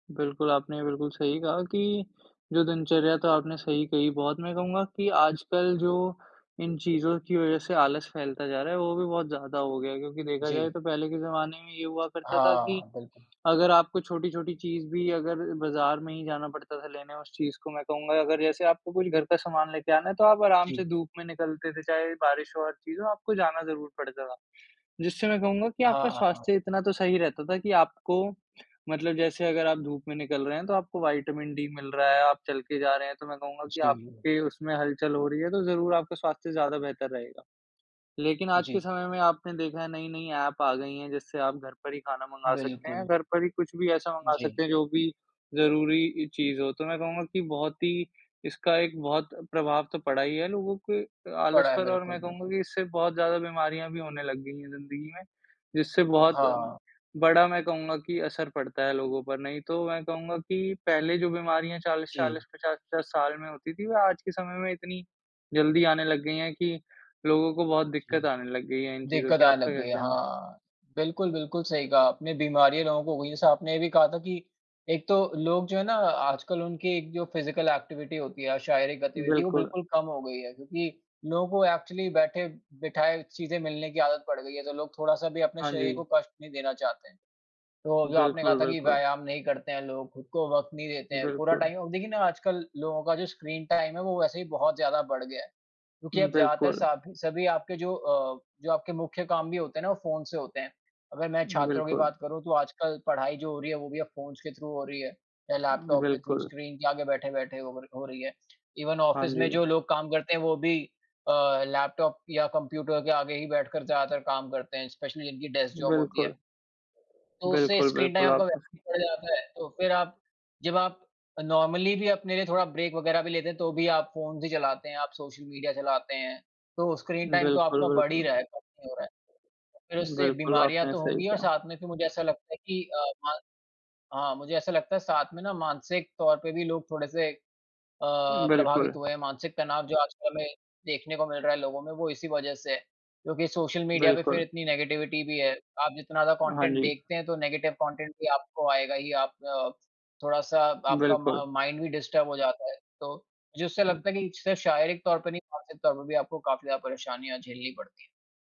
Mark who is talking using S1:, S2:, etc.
S1: बिल्कुल, आपने बिल्कुल सही कहा कि, जो दिनचर्या तो आपने सही कही बहुत मैं कहूँगा कि आजकल जो इन चीज़ों की वज़ह से
S2: हुँ।
S1: आलस फैलता जा रहा है, वो भी बहुत ज़्यादा हो गया है, क्योंकि देखा जाए
S2: जी।
S1: तो पहले के ज़माने में ये हुआ करता था कि
S2: हाँ, बिल्कुल।
S1: अगर आपको छोटी-छोटी चीज़ भी अगर बाज़ार में ही जाना पड़ता था लेने उस चीज़ को। मैं कहूँगा अगर जैसे आपको कुछ घर का सामान ले के आना है तो आप आराम से
S2: जी।
S1: धूप में निकलते थे, चाहे बारिश हो, हर चीज़ हो, आपको जाना ज़रूर पड़ता था। जिससे मैं कहूँगा कि
S2: हाँ,
S1: आपका
S2: हाँ, हाँ।
S1: स्वास्थ्य इतना तो सही रहता था कि आपको मतलब जैसे अगर आप धूप में निकल रहे हैं तो आपको विटामिन डी मिल रहा है आप चल के जा रहे हैं तो मैं कहूँगा कि
S2: जी।
S1: आपके उसमें हलचल हो रही है तो ज़रूर आपका स्वास्थ्य ज़्यादा बेहतर रहेगा। लेकिन आज के
S2: जी।
S1: समय में आपने देखा है नई-नई ऐप आ गई हैं, जिससे आप घर पर ही खाना मँगा सकते हैं,
S2: बिल्कुल।
S1: घर पर ही कुछ भी ऐसा मँगा सकते
S2: जी।
S1: हैं जो भी ज़रूरी इ चीज़ हो। तो मैं कहूँगा कि बहुत ही इसका एक बहुत प्रभाव तो पड़ा ही है लोगों के अ, आलस
S2: पड़ा है
S1: पर और
S2: बिल्कुल,
S1: मैं कहूँगा
S2: बिल्कुल।
S1: कि इससे बहुत ज़्यादा बीमारियाँ भी होने लग गई हैं ज़िंदगी में, जिससे बहुत अम,
S2: हाँ।
S1: बड़ा मैं कहूँगा कि असर पड़ता है लोगों पर। नहीं तो मैं कहूँगा कि पहले जो बीमारियाँ चालीस
S2: जी।
S1: चालीस 50-50 साल में होती थी, वे आज के समय में इतनी जल्दी आने लग गई हैं कि लोगों को बहुत दिक्कत
S2: जी।
S1: आने लग गई है इन चीज़ों
S2: दिक्कत
S1: की।
S2: आने
S1: आपका
S2: लग
S1: क्या
S2: गई है
S1: कहना है?
S2: हाँ। बिल्कुल, बिल्कुल सही कहा अपने। बीमारियाँ लोगों को हुई जैसे आपने ये भी कहा था कि एक तो लोग जो है ना आजकल उनकी एक जो फिज़िकल एक्टिविटी होती है या शारीरिक गतिविधि वो
S1: बिल्कुल।
S2: बिल्कुल कम हो गई है, क्योंकि लोगों को एक्चुअली बैठे-बिठाए चीज़ें मिलने की आदत पड़ गई है तो लोग थोड़ा-सा भी अपने
S1: हाँ
S2: शरीर को
S1: जी।
S2: कष्ट नहीं देना चाहते हैं। तो जो आपने कहा
S1: बिल्कुल,
S2: था कि
S1: बिल्कुल।
S2: व्यायाम नहीं करते हैं लोग, खुद को वक़्त नहीं देते हैं, पूरा
S1: बिल्कुल।
S2: टाइम औ देखिए ना आजकल लोगों का जो स्क्रीन टाइम है वो वैसे ही बहुत ज़्यादा बढ़ गया है, क्योंकि
S1: हुँ,
S2: अब ज़्यादातर
S1: बिल्कुल।
S2: साबी सभी आपके जो अ, जो आपके मुख्य काम भी होते हैं ना वो फ़ोन से होते हैं। अगर मैं छात्रों की
S1: बिल्कुल।
S2: बात करूँ तो आजकल पढ़ाई जो हो रही है वो भी अब फ़ोन्स के थ्रू हो रही है या लैपटॉप के थ्रू
S1: बिल्कुल।
S2: स्क्रीन के आगे बैठे-बैठे हो र हो रही है। इवन
S1: हाँ
S2: ऑफ़िस में
S1: जी।
S2: जो लोग काम करते हैं वो भी अ, लैपटॉप या कंप्यूटर के आगे ही बैठकर ज़्यादातर काम करते हैं, स्पेशली जिनकी डेस्क जॉब होती है।
S1: बिल्कुल।
S2: तो उससे
S1: बिल्कुल,
S2: स्क्रीन टाइम
S1: बिल्कुल।
S2: आपका व
S1: आपका सी
S2: बढ़ जाता है, तो फिर आप जब आप अ, नॉर्मली भी अपने लिए थोड़ा ब्रेक वगैरह भी लेते हैं तो भी आप फ़ोन्स ही चलाते हैं, आप सोशल मीडिया चलाते हैं तो स्क्रीन टाइम तो
S1: बिल्कुल,
S2: आपका बढ़ ही
S1: बिल्कुल।
S2: रहा है, कम नहीं हो रहा है। फिर उससे
S1: बिल्कुल,
S2: बीमारियाँ
S1: आपने
S2: तो
S1: सही
S2: होंगी और
S1: कहा।
S2: साथ में फि मुझे ऐसा लगता है कि अ, म हाँ। मुझे ऐसा लगता है साथ में ना मानसिक तौर पे भी लोग थोड़े से अ,
S1: अम, बिल्कुल।
S2: प्रभावित हुए हैं, मानसिक तनाव जो आजकल में देखने को मिल रहा है लोगों में वो इसी वज़ह से है, क्योंकि सोशल मीडिया पे फिर
S1: बिल्कुल।
S2: इतनी नेगेटिविटी भी है। आप जितना ज़्यादा
S1: हाँ
S2: कॉन्टेंट
S1: जी।
S2: देखते हैं तो नेगेटिव कॉन्टेंट भी आपको आएगा ही आप थोड़ा-सा आपका
S1: बिल्कुल।
S2: मा माइंड डिस्टर्ब भी हो जाता है, तो मुझे उससे
S1: हुँ।
S2: लगता है कि सिर्फ शारीरिक तौर पे नहीं, मानसिक तौर पे भी आपको काफ़ी ज़्यादा परेशनियाँ झेलनी पड़ती हैं।